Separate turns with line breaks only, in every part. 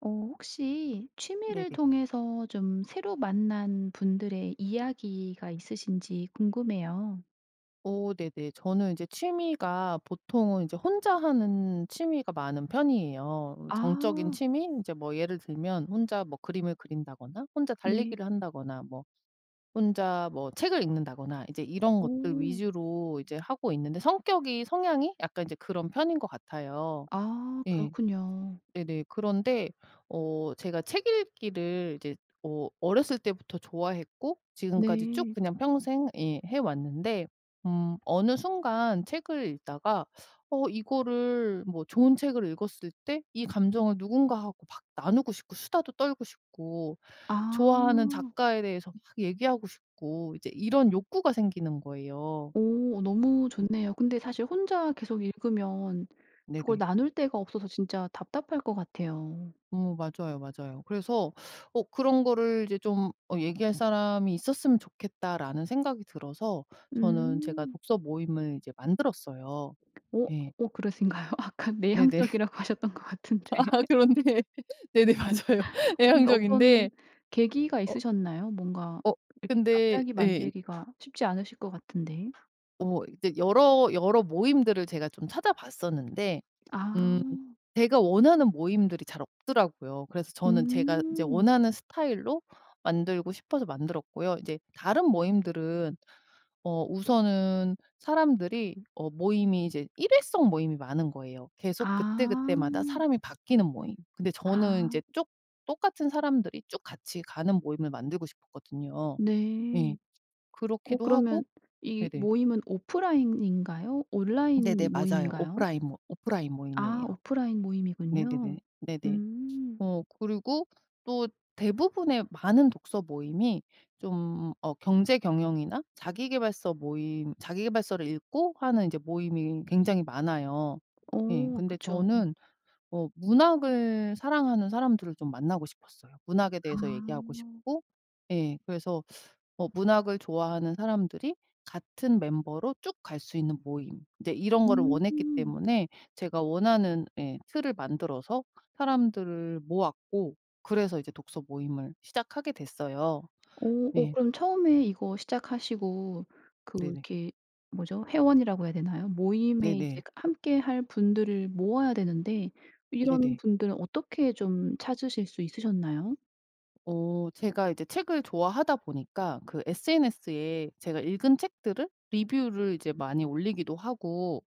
어 혹시 취미를
네네.
통해서 좀 새로 만난 분들의 이야기가 있으신지 궁금해요.
어 네네. 저는 이제 취미가 보통은 이제 혼자 하는 취미가 많은 편이에요. 정적인
아.
취미? 인제 뭐 예를 들면 혼자 뭐 그림을 그린다거나, 혼자
네.
달리기를 한다거나, 뭐 혼자 뭐 책을 읽는다거나, 이제 이런 것들
오.
위주로 이제 하고 있는데 성격이 성향이 약간 인제 그런 편인 것 같아요.
아,
예.
그렇군요.
네네. 그런데 어 제가 책 읽기를 이제 어 어렸을 때부터 좋아했고 지금까지 쭉
네.
그냥 평생 예 해 왔는데, 음 어느 순간 책을 읽다가 어 이거를 뭐 좋은 책을 읽었을 때 이 감정을 누군가하고 막 나누고 싶고, 수다도 떨고 싶고, 좋아하는
아.
작가에 대해서 막 얘기하고 싶고 이제 이런 욕구가 생기는 거예요.
오. 어 너무 좋네요. 근데 사실 혼자 계속 읽으면 그걸
네네.
나눌 데가 없어서 진짜 답답할 것 같아요.
어머 맞아요 맞아요. 그래서 어 '그런 거를 이제 좀 어 얘기할 사람이 있었으면 좋겠다.'라는 생각이 들어서 저는 제가
음.
독서 모임을 이제 만들었어요.
오.
예.
오 그러신가요? 아까
네네.
내향적이라고 하셨던 것 같은데.
그런데 네네 맞아요.
어 근데 어떤
내향적인데
계기가
어
있으셨나요? 뭔가
어.
이렇게
근데
갑자기
예.
만들기가 쉽지 않으실 것 같은데.
어. 이제 여러 여러 모임들을 제가 좀 찾아봤었는데
아.
음 제가 원하는 모임들이 잘 없더라고요. 그래서 저는 제가 이제
음.
원하는 스타일로 만들고 싶어서 만들었고요. 이제 다른 모임들은 어 우선은 사람들이 어 모임이 이제 일회성 모임이 많은 거예요. 계속 그때그때마다
아.
사람이 바뀌는 모임. 근데 저는
아.
이제 쭉 똑같은 사람들이 쭉 같이 가는 모임을 만들고 싶었거든요. 예.
네. 어
그렇기도 하고
그러면 이
네네.
모임은 오프라인인가요
네네
온라인
맞아요.
모임인가요?
오프라인 모 오프라인
아
모임이에요.
오프라인 모임이군요.
네네네. 네네.
음.
어 그리고 또 대부분의 많은 독서 모임이 좀 어 경제 경영이나 자기계발서 모임 자기계발서를 읽고 하는 이제 모임이 굉장히 많아요. 예
어
근데
그쵸.
저는 어 문학을 사랑하는 사람들을 좀 만나고 싶었어요. 문학에 대해서 얘기하고
아.
싶고 예 그래서 뭐 문학을 좋아하는 사람들이 같은 멤버로 쭉 갈 수 있는 모임 이제 이런 거를 원했기
음.
때문에 제가 원하는 예 틀을 만들어서 사람들을 모았고 그래서 이제 독서 모임을 시작하게 됐어요.
오. 어
네.
그럼 처음에 이거 시작하시고 그
네네.
이렇게 뭐죠? 회원이라고 해야 되나요? 모임에 이제
네네.
함께 할 분들을 모아야 되는데 이런
네네.
분들은 어떻게 좀 찾으실 수 있으셨나요?
어 제가 이제 책을 좋아하다 보니까 그 sns에 제가 읽은 책들을 리뷰를 이제 많이 올리기도 하고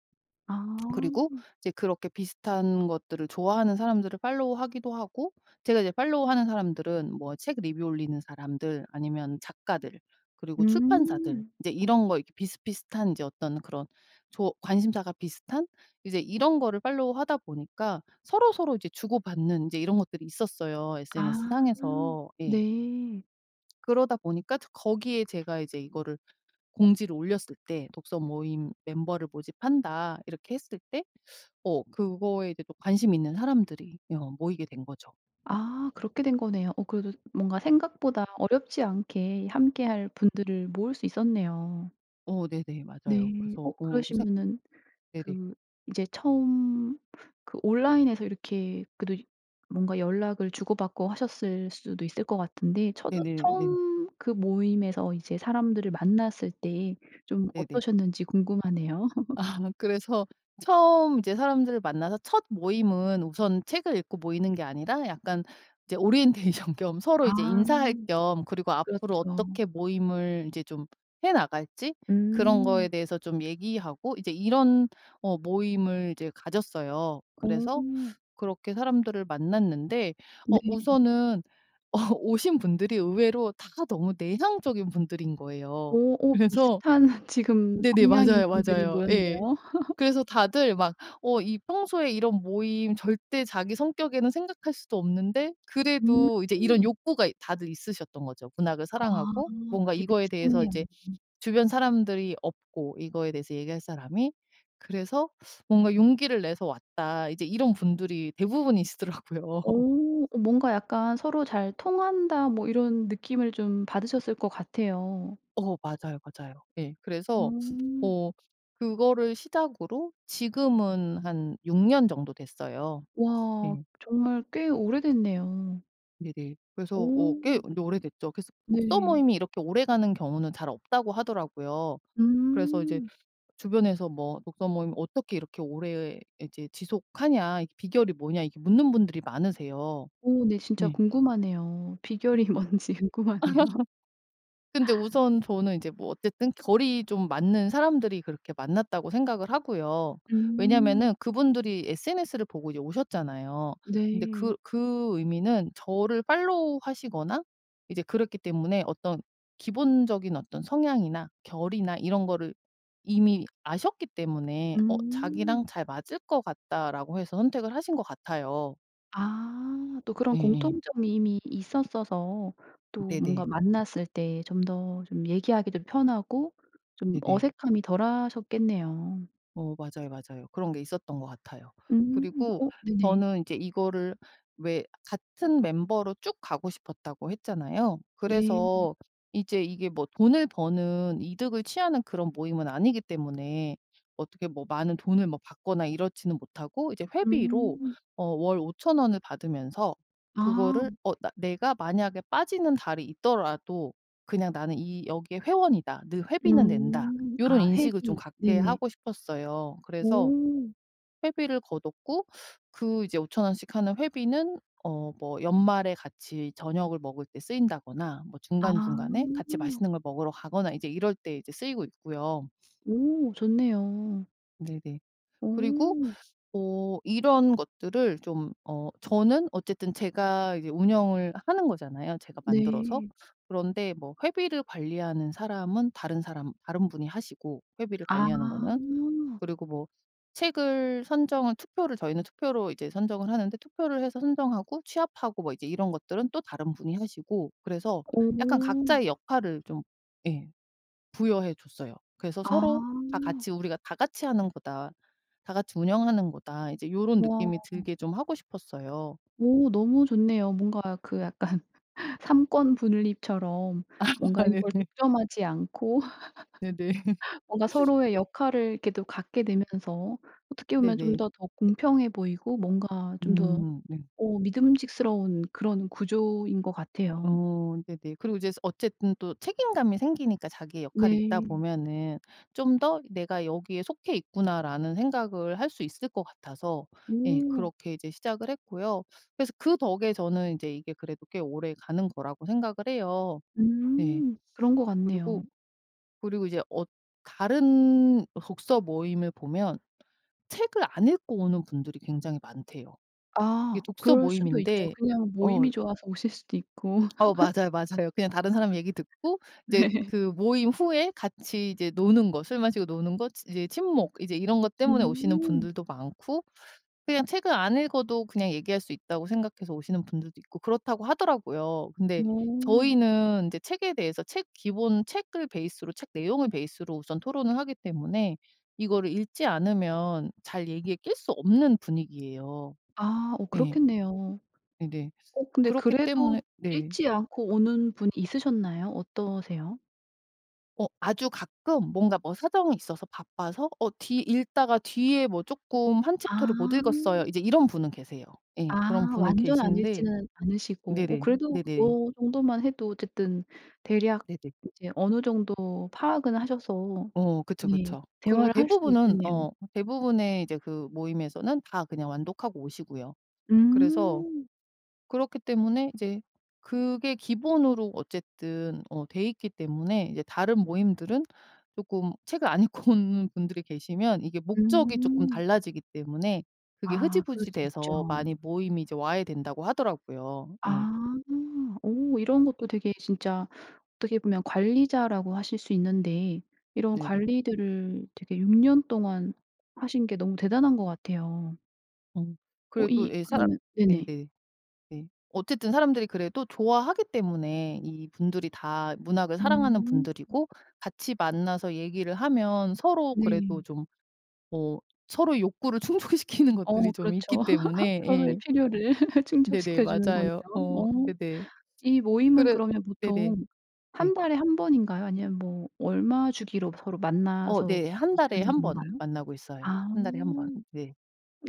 아.
그리고 이제 그렇게 비슷한 것들을 좋아하는 사람들을 팔로우 하기도 하고 제가 이제 팔로우 하는 사람들은 뭐 책 리뷰 올리는 사람들 아니면 작가들 그리고 출판사들
음.
이제 이런 거 이렇게 비슷비슷한 인제 어떤 그런 좋 관심사가 비슷한? 이제 이런 거를 팔로우 하다 보니까 서로서로 이제 주고받는 이제 이런 것들이 있었어요 sns
아
상에서. 예.
네.
그러다 보니까 또 거기에 제가 이제 이거를 공지를 올렸을 때 "독서 모임 멤버를 모집한다." 이렇게 했을 때 어 그거에 이제 또 관심이 있는 사람들이 이 어 모이게 된 거죠.
아 그렇게 된 거네요. 어 그래도 뭔가 생각보다 어렵지 않게 함께 할 분들을 모을 수 있었네요.
어 네네 맞아요.
네.
그래서
어
어 생
그러시면은
네네.
그 인제 처음 그 온라인에서 이렇게 그래도 뭔가 연락을 주고 받고 하셨을 수도 있을 것 같은데 처도
네네네 네네.
처음 그 모임에서 이제 사람들을 만났을 때 좀
네네.
어떠셨는지 궁금하네요.
아 그래서 처음 이제 사람들을 만나서 첫 모임은 우선 책을 읽고 모이는 게 아니라 약간 이제 오리엔테이션 겸 서로 이제
아
인사할 겸 그리고 앞으로
그렇죠.
어떻게 모임을 인제 좀 해 나갈지 그런
음.
거에 대해서 좀 얘기하고 이제 이런 어 모임을 이제 가졌어요. 그래서
어.
그렇게 사람들을 만났는데
네.
어 우선은 어 오신 분들이 의외로 다 너무 내향적인 분들인 거예요.
오 어
그래서
비슷한 지금
네네
성향인
맞아요,
분들이
맞아요. 예.
모였네요.
그래서 다들 막 어 이 평소에 이런 모임 절대 자기 성격에는 생각할 수도 없는데 그래도 이제 이런
음.
욕구가 다들 있으셨던 거죠. 문학을
아
사랑하고 뭔가
그게
이거에 대해서
비슷했네요.
이제 주변 사람들이 없고 이거에 대해서 얘기할 사람이 그래서 뭔가 "용기를 내서 왔다." 이제 이런 분들이 대부분이시더라고요.
오 뭔가 약간 서로 '잘 통한다.' 뭐 이런 느낌을 좀 받으셨을 것 같아요.
어 맞아요, 맞아요 예. 그래서
음.
어 그거를 시작으로 지금은 한 6 년 정도 됐어요.
와
예.
정말 꽤 오래됐네요.
네네. 그래서 뭐 꽤
오.
근데 오래됐죠. 그래서 독서
네.
모임이 이렇게 오래 가는 경우는 잘 없다고 하더라고요. 그래서 이제
음.
주변에서 뭐 "독서 모임 어떻게 이렇게 오래 이제 지속하냐. 이게 비결이 뭐냐." 이렇게 묻는 분들이 많으세요.
오. 네 진짜
네.
궁금하네요. 비결이 뭔지 궁금하네요.
근데 우선 저는 이제 뭐 어쨌든 결이 좀 맞는 사람들이 그렇게 만났다고 생각을 하고요.
음.
왜냐하면은 그분들이 SNS를 보고 이제 오셨잖아요. 근데 그
네.
그 의미는 저를 팔로우하시거나 이제 그랬기 때문에 어떤 기본적인 어떤 성향이나 결이나 이런 거를 이미 아셨기 때문에 어 '자기랑
음.
잘 맞을 것 같다.'라고 해서 선택을 하신 것 같아요.
아. 또 그런
예예.
공통점이 이미 있었어서 또 뭔가
네네.
만났을 때 좀 더 좀 얘기하기도 편하고 좀
네네.
어색함이 덜 하셨겠네요.
어. 맞아요, 맞아요. 그런 게 있었던 것 같아요.
음.
그리고
어 네네.
저는 이제 이거를 왜 같은 멤버로 쭉 가고 싶었다고 했잖아요.
네.
그래서 이제 이게 뭐 돈을 버는 이득을 취하는 그런 모임은 아니기 때문에 어떻게 뭐 많은 돈을 뭐 받거나 이렇지는 못하고 이제 회비로
음.
어 월 5,000 원을 받으면서 그거를
아.
어 나 내가 만약에 빠지는 달이 있더라도 그냥 '나는 이 여기에 회원이다. 늘 회비는 낸다.'
음.
요런
아
인식을 좀
회비.
갖게
네네.
하고 싶었어요. 그래서
오.
회비를 거뒀고 그 이제 5,000 원씩 하는 회비는 어 뭐 연말에 같이 저녁을 먹을 때 쓰인다거나 뭐
아.
중간중간에 같이 맛있는 걸 먹으러 가거나 이제 이럴 때 이제 쓰이고 있고요.
오 좋네요.
네네. 그리고
오.
어 이런 것들을 좀 어 저는 어쨌든 제가 이제 운영을 하는 거잖아요 제가 만들어서.
네.
그런데 뭐 회비를 관리하는 사람은 다른 사람 다른 분이 하시고 회비를
아.
관리하는 거는 그리고 뭐 책을 선정을 투표를 저희는 투표로 이제 선정을 하는데 투표를 해서 선정하고 취합하고 뭐 이제 이런 것들은 또 다른 분이 하시고. 그래서 약간
오.
각자의 역할을 좀 예 부여해 줬어요. 그래서 서로 다
아.
같이 '우리가 다 같이 하는 거다. 다 같이 운영하는 거다.' 이제 요런
와.
느낌이 들게 좀 하고 싶었어요.
오 너무 좋네요. 뭔가 그 약간 삼권분립처럼
아
뭔가 이걸
네네.
독점하지 않고
네네.
뭔가 서로의 역할을 이렇게 또 갖게 되면서 어떻게 보면 좀
네네.
더 더 공평해 보이고 뭔가 좀 더
음 네.
어 믿음직스러운 그런 구조인 것 같아요.
어 네네. 그리고 이제 스 어쨌든 또 책임감이 생기니까 자기의 역할이 있다
네.
보면은 좀 더 '내가 여기에 속해있구나.'라는 생각을 할 수 있을 것 같아서 예
오.
그렇게 이제 시작을 했고요. 그래서 그 덕에 저는 이제 이게 그래도 꽤 오래가는 거라고 생각을 해요. 네.
음 그런 것
그리고,
같네요.
그리고 이제 어 다른 독서모임을 보면 책을 안 읽고 오는 분들이 굉장히 많대요. 이게
아
독서
그럴 수도 있죠.
모임인데
그냥
어
모임이 좋아서 오실 수도 있고.
어 맞아요, 맞아요. 그냥 다른 사람 얘기 듣고 이제
네.
그 모임 후에 같이 이제 노는 거 술 마시고 노는 거 치 이제 친목 이제 이런 것 때문에 오시는
음.
분들도 많고 그냥 책을 안 읽어도 그냥 얘기할 수 있다고 생각해서 오시는 분들도 있고 그렇다고 하더라고요. 근데
어.
저희는 이제 책에 대해서 책 기본 책을 베이스로 책 내용을 베이스로 우선 토론을 하기 때문에 이거를 읽지 않으면 잘 얘기에 낄 수 없는 분위기예요.
아 어
예.
그렇겠네요.
네네.
어 근데
그렇기
그래도
때문에 네.
읽지 않고 오는 분이 있으셨나요? 어떠세요?
어 아주 가끔 뭔가 뭐 사정이 있어서 바빠서 '어 뒤 읽다가 뒤에 뭐 쪼끔 1
아.
챕터를 못 읽었어요' 이제 이런 분은 계세요. 예 그런
아
분은
완전 안
계시는데
읽지는 않으시고 어
네네
그래도
네네.
뭐 그 정도만 해도 어쨌든 대략
네네.
이제 어느 정도 파악은 하셔서
어 그쵸
네
그쵸. 그리고
대화를 할 수는
대부분은
있겠네요.
어 대부분의 그 이제 그 모임에서는 다 그냥 완독하고 오시고요. 그래서
음.
그렇기 때문에 이제 그게 기본으로 어쨌든 어 돼있기 때문에 이제 다른 모임들은 쪼끔 책을 안 읽고 오는 분들이 계시면 이게 목적이 쪼끔
음.
달라지기 때문에 그게
아 그럴
흐지부지
수 있죠.
돼서 많이 모임이 이제 와해 된다고 하더라구요 예.
아. 오 이런 것도 되게 진짜 어떻게 보면 관리자라고 하실 수 있는데 이런
네네.
관리들을 되게 6 년 동안 하신게 너무 대단한 것 같아요.
음.
어
그래도
이
예 사람
그러면 네네.
네네. 네. 어쨌든 사람들이 그래도 좋아하기 때문에 이 분들이 다 문학을 사랑하는
음.
분들이고 같이 만나서 얘기를 하면 서로
네.
그래도 좀 어 서로 욕구를 충족시키는
어
것들이 좀
그렇죠.
있기 때문에
서로의
예.
필요를
네네
충족시켜 주는 거네요.
맞아요. 어
어
네네.
이 모임은
그래
그러면
네네
보통
네.
1 달에 1 번인가요? 아니면 뭐 얼마 주기로 서로
어
만나서
네 1 달에
얘기하는
1 번
건가요?
만나고 있어요.
아
1 달에 1 번 네.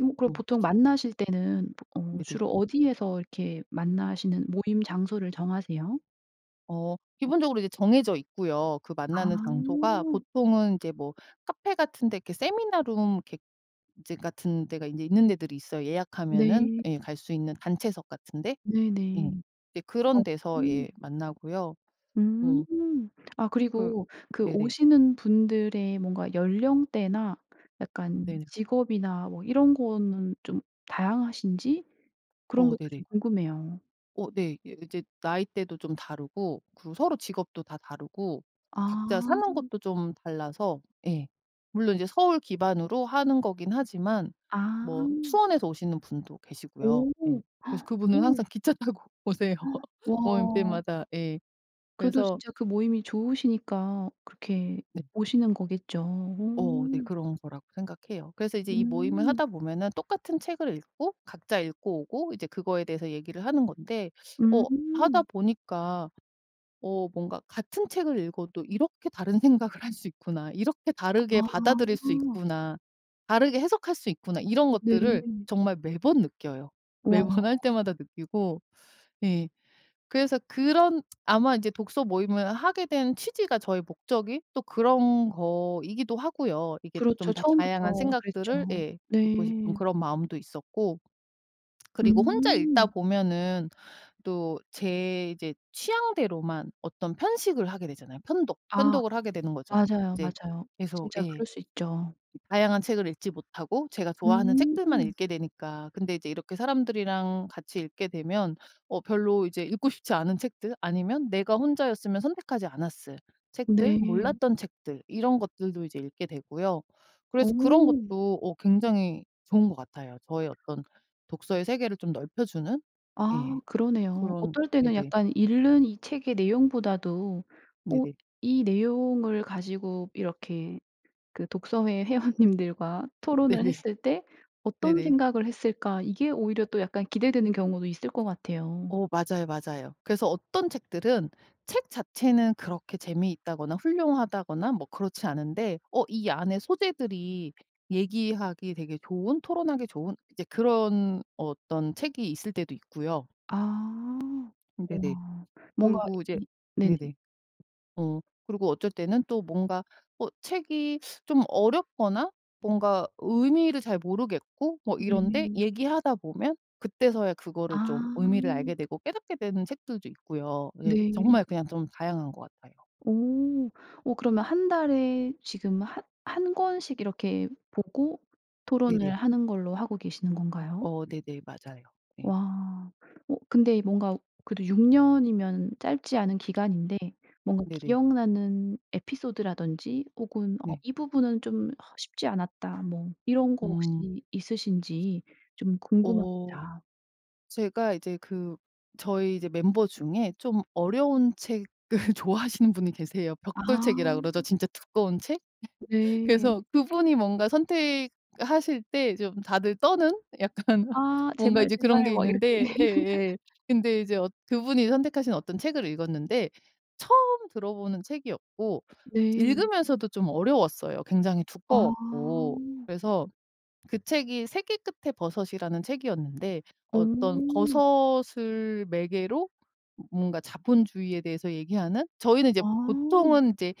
어 그럼
어.
보통 만나실 때는 보 어
네네.
주로 어디에서 이렇게 만나시는 모임 장소를 정하세요?
어 기본적으로 이제 정해져 있고요. 그 만나는
아.
장소가 보통은 이제 뭐 카페 같은 데 이렇게 세미나 룸 이렇게 이제 같은 데가 이제 있는 데들이 있어요. 예약하면은
네.
예 갈 수 있는 단체석 같은데?
네네.
예. 이제 그런 데서
어음.
예 만나고요.
음.
어.
아
그
그리고 그
네네.
오시는 분들의 뭔가 연령대나 약간
네.
직업이나 뭐 이런 거는 좀 다양하신지 그런
어
것도
네네.
좀 궁금해요.
어 네. 이 이제 나이대도 좀 다르고 그리고 서로 직업도 다 다르고
아.
각자 사는 곳도 좀 달라서 예 물론 이제 서울 기반으로 하는 거긴 하지만 뭐
아.
수원에서 오시는 분도 계시고요.
오
예. 그래서 그분은
오.
항상 기차 타고 오세요 모임
와.
때마다 예.
그래도
그래서
진짜 그 모임이 좋으시니까 그렇게
네.
오시는 거겠죠.
어 네.
오.
그런 거라고 생각해요. 그래서 이제 이 모임을
음.
하다 보면은 똑같은 책을 읽고 각자 읽고 오고 이제 그거에 대해서 얘기를 하는 건데 어 하다
음.
보니까 '어 뭔가 같은 책을 읽어도 이렇게 다른 생각을 할 수 있구나. 이렇게 다르게 받아들일 수
아.
있구나. 다르게 해석할 수 있구나.' 이런 것들을
네.
정말 매번 느껴요. 매번 할
와.
때마다 느끼고 예 그래서 그런 아마 이제 독서 모임을 하게 된 취지가 저의 목적이 또 그런 거이기도 하고요. 이게 좀
그렇죠.
다 다양한
처음부터
생각들을
그랬죠.
예 듣고 싶은
네.
그런 마음도 있었고 그리고 혼자 읽다
음.
보면은 또 제 이제 취향대로만 어떤 편식을 하게 되잖아요. 편독,
아
편독을 하게 되는 거죠.
맞아요,
이제
맞아요.
그래서
진짜
예.
그럴 수 있죠.
다양한 책을 읽지 못하고 제가 좋아하는 책들만
음.
읽게 되니까 근데 이제 이렇게 사람들이랑 같이 읽게 되면 어 별로 이제 읽고 싶지 않은 책들 아니면 내가 혼자였으면 선택하지 않았을 책들,
네.
몰랐던 책들 이런 것들도 이제 읽게 되고요. 그래서 그런
어.
것도 어 굉장히 좋은 것 같아요. 저의 어떤 독서의 세계를 좀 넓혀주는?
아
예.
그러네요.
그런
어떨 때는
네네.
약간 읽는 이 책의 내용보다도 어
네네.
이 내용을 가지고 이렇게 그 독서회 회원님들과 토론을
네네.
했을 때 '어떤
네네.
생각을 했을까.' 이게 오히려 또 약간 기대되는 경우도 있을 것 같아요.
어 맞아요, 맞아요. 그래서 어떤 책들은 책 자체는 그렇게 재미있다거나 훌륭하다거나 뭐 그렇지 않은데 어 이 안에 소재들이 얘기하기에 되게 좋은 토론하기 좋은 이제 그런 어떤 책이 있을 때도 있고요.
아
음 네네.
와. 뭔가
그리고 이제
이 네네.
네네. 어 그리고 어쩔 때는 또 뭔가 어 책이 좀 어렵거나 뭔가 의미를 잘 모르겠고 뭐 이런데
네.
얘기하다 보면 그때서야 그거를 좀 의미를
아.
알게 되고 깨닫게 되는 책들도 있고요. 예
네.
정말 그냥 좀 다양한 것 같아요.
어 어 그러면 1 달에 지금 한 한 권씩 이렇게 보고 토론을
네네.
하는 걸로 하고 계시는 건가요?
어 네네. 맞아요. 예.
와. 어 근데 뭔가 그래도 6 년이면 짧지 않은 기간인데 뭔가
네네.
기억나는 에피소드라든지 혹은 '어
네.
이 부분은 좀 어 쉽지 않았다.' 뭐 이런 거
음.
혹시 있으신지 좀
어
궁금합니다.
제가 이제 그 저희 이제 멤버 중에 좀 어려운 책을 좋아하시는 분이 계세요. 벽돌 책이라 그러죠.
아.
진짜 두꺼운 책?
네.
그래서 그분이 뭔가 선택하실 때 좀 다들 떠는? 약간
아
뭔가
제발,
이제 그런
제발
게
막 이렇게.
있는데 예예 근데 이제 어 그분이 선택하신 어떤 책을 읽었는데 처음 들어보는 책이었고
네.
읽으면서도 좀 어려웠어요 굉장히 두꺼웠고.
아.
그래서 그 책이 세계 끝에 버섯이라는 책이었는데 어떤
어.
버섯을 매개로 뭔가 자본주의에 대해서 얘기하는 저희는 이제
와.
보통은 이제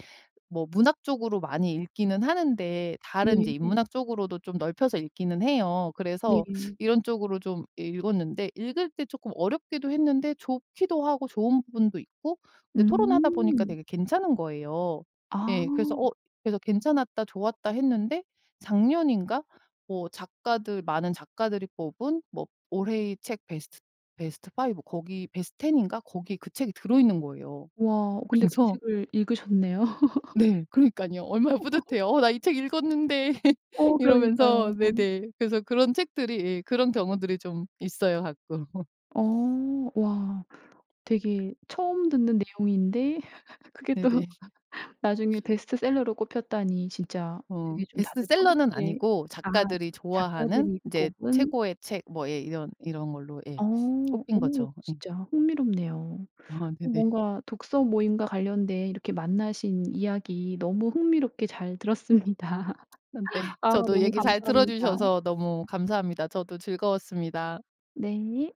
뭐 문학 쪽으로 많이 읽기는 하는데 다른 이제
네.
인문학 쪽으로도 좀 넓혀서 읽기는 해요. 그래서
네.
이런 쪽으로 좀 읽었는데 읽을 때 쪼끔 어렵기도 했는데 좋기도 하고 좋은 부분도 있고 근데 토론하다 보니까
음.
되게 괜찮은 거예요.
아.
예 그래서 어 그래서 '괜찮았다. 좋았다.' 했는데 작년인가 뭐 작가들 많은 작가들이 뽑은 뭐 올해의 책 베스트 베스트 5 거기 베스트 10 인가 거기에 그 책이 들어있는 거예요.
와 근데 그
그래서
책을 읽으셨네요.
네 그러니깐요. 얼마나 뿌듯해요. '어 나 이 책 읽었는데.'
어
이러면서
그러니까요.
네네 그래서 그런 책들이 예 그런 경우들이 좀 있어요 가끔.
어 와. 되게 처음 듣는 내용인데 그게 또
네네.
나중에 베스트셀러로 꼽혔다니 진짜
어
되게 좀 다들
베스트셀러는
뿌듯해
아니고
아
작가들이 좋아하는
작가들이
이제
꼽은
최고의 책 뭐 예 이런 이런 걸로 예
어
꼽힌
어
거죠. 예.
진짜 흥미롭네요.
아
어
네네.
뭔가 독서 모임과 관련된 이렇게 만나신 이야기 너무 흥미롭게 잘 들었습니다.
아 네.
아
저도
너무
얘기 잘
감사합니다.
들어주셔서 너무 감사합니다. 저도 즐거웠습니다.
네.